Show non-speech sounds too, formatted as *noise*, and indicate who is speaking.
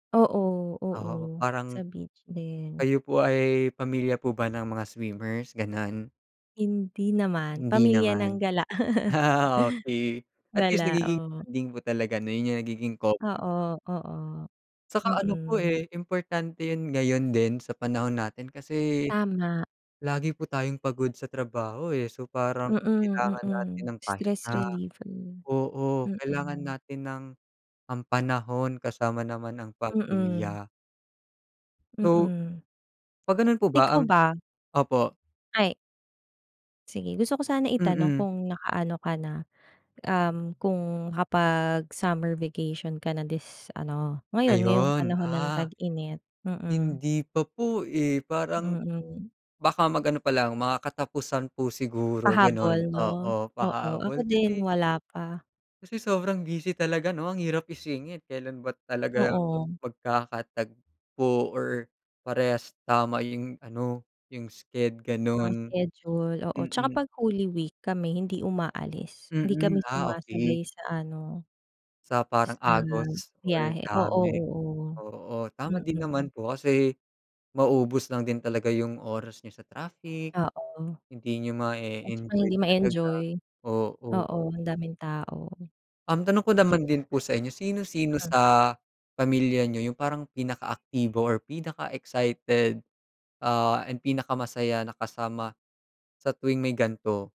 Speaker 1: Oo,
Speaker 2: Oo,
Speaker 1: oo sa
Speaker 2: parang
Speaker 1: beach din.
Speaker 2: kayo po ay pamilya po ba ng mga swimmers, gano'n?
Speaker 1: Hindi naman.
Speaker 2: Hindi
Speaker 1: Pamilya ng
Speaker 2: naman,
Speaker 1: gala. *laughs*
Speaker 2: *laughs* okey, at least,
Speaker 1: Gala,
Speaker 2: nagiging
Speaker 1: oo.
Speaker 2: bonding po talaga na yun yung nagiging grounds.
Speaker 1: Oo, oo.
Speaker 2: 'Tsaka ano po,
Speaker 1: Mm.
Speaker 2: eh, importante yun ngayon din sa panahon natin kasi
Speaker 1: Tama.
Speaker 2: lagi po tayong pagod sa trabaho, eh. So, parang
Speaker 1: Mm,
Speaker 2: kailangan natin
Speaker 1: mm.
Speaker 2: ng
Speaker 1: Stress
Speaker 2: pahinga
Speaker 1: reliever,
Speaker 2: oo, kailangan
Speaker 1: mm.
Speaker 2: natin ng ang panahon kasama naman ang
Speaker 1: Mm.
Speaker 2: pamilya. So,
Speaker 1: Mm.
Speaker 2: 'pag ganun po ba
Speaker 1: Ikaw
Speaker 2: ang
Speaker 1: ba?
Speaker 2: opo.
Speaker 1: Ay. Sige, gusto ko sana itanong
Speaker 2: Mm.
Speaker 1: kung nakaano ka na, um, kung nakapag-summer vacation ka na this ano, ngayon, ngayong
Speaker 2: Ayon,
Speaker 1: panahon ng
Speaker 2: ah,
Speaker 1: tag-init? Mm.
Speaker 2: hindi pa po, eh, parang,
Speaker 1: Mm.
Speaker 2: baka mag-ano palang mga katapusan po siguro ganun,
Speaker 1: Pahabol, ‘no?
Speaker 2: oo,
Speaker 1: Oo, ako
Speaker 2: pahabol
Speaker 1: din
Speaker 2: kasi.
Speaker 1: wala pa.
Speaker 2: Kasi sobrang busy talaga, 'no, ang hirap isingit, kelan ba talaga
Speaker 1: Oo.
Speaker 2: magkakatagpo, or parehas tama yung ano, yung sched
Speaker 1: Ang
Speaker 2: ganon.
Speaker 1: schedule, oo. Tsaka
Speaker 2: Mm.
Speaker 1: 'pag holy week kami hindi umaalis, hindi kami
Speaker 2: Mm, ah, okey.
Speaker 1: sumasabay sa ano
Speaker 2: Sa parang
Speaker 1: sa
Speaker 2: agos or
Speaker 1: biyahe, oo,
Speaker 2: dami,
Speaker 1: oo,
Speaker 2: oo. Tama din
Speaker 1: mm.
Speaker 2: naman po kasi maubos lang din talaga yung oras niyo sa traffic.
Speaker 1: Oo,
Speaker 2: Hindi niyo
Speaker 1: at saka
Speaker 2: mae-enjoy
Speaker 1: hindi
Speaker 2: talaga,
Speaker 1: ma-enjoy.
Speaker 2: oo.
Speaker 1: Oo, ang daming tao.
Speaker 2: Um, tanong ko
Speaker 1: Sigu
Speaker 2: naman din po sa inyo, sino-sino
Speaker 1: Ah.
Speaker 2: sa pamilya n'yo yung parang pinakaaktibo or pinaka-excited, ah, and pinakamasaya na kasama sa tuwing may gan'to?